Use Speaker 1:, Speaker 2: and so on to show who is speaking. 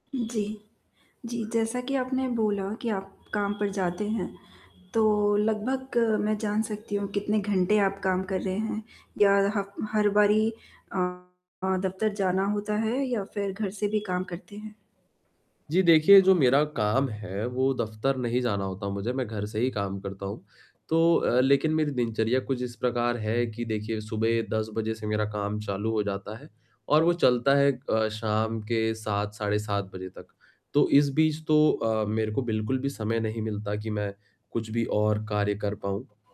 Speaker 1: जी। जी, जैसा कि आपने बोला कि आप काम पर जाते हैं, तो लगभग मैं जान सकती हूँ कितने घंटे आप काम कर रहे हैं या हफ हर बारी अ, दफ़्तर जाना होता है या फिर घर से भी काम करते हैं?
Speaker 2: जी देखिए, जो मेरा काम है वो दफ़्तर नहीं जाना होता मुझे, मैं घर से ही काम करता हूँ, तो अ, लेकिन मेरी दिनचर्या कुछ इस प्रकार है कि देखिए सुबह 10 बजे से मेरा काम चालू हो जाता है और वो चलता है अ, शाम के 7, साढ़े 7 बजे तक, तो इस बीच तो अ, मेरे को बिल्कुल भी समय नहीं मिलता कि मैं कुछ भी और कार्य कर पाऊँ।